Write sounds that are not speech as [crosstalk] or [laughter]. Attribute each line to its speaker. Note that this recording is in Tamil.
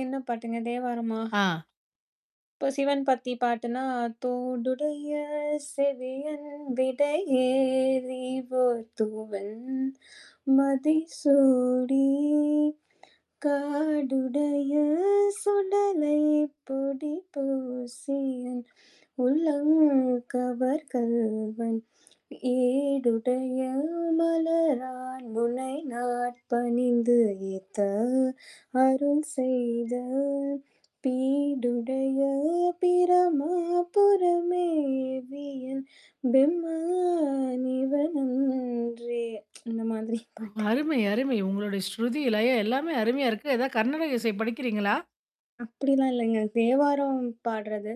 Speaker 1: என்ன பாட்டுங்க தேவாரமா?
Speaker 2: ஆ.
Speaker 1: இப்போ சிவன் பத்தி பாட்டுனா, "தோடுடைய செவியன் விடையேறி ஓர் தூவெண்மதி சூடிக் காடுடைய சுடலை பொடி பூசியன் உள்ளம் கவர் கள்வன், ஏடுடைய மலரான் முனை நாட் பணிந்து ஏத்த அருள் செய்தல் பீடுடைய பிரமாபுரம் மேவிய பெம்மா நிவனன்றே" [tsk] இந்த மாதிரி
Speaker 2: ஓ!
Speaker 1: பாட்டு.
Speaker 2: அருமை, அருமை. உங்களுடைய ஸ்ருதி, லயம் எல்லாமே அருமையா இருக்கு. ஏதாவது கர்நாடக இசை படிக்கிறீங்களா?
Speaker 1: அப்படிலாம் இல்லைங்க. தேவாரம் பாட்றது.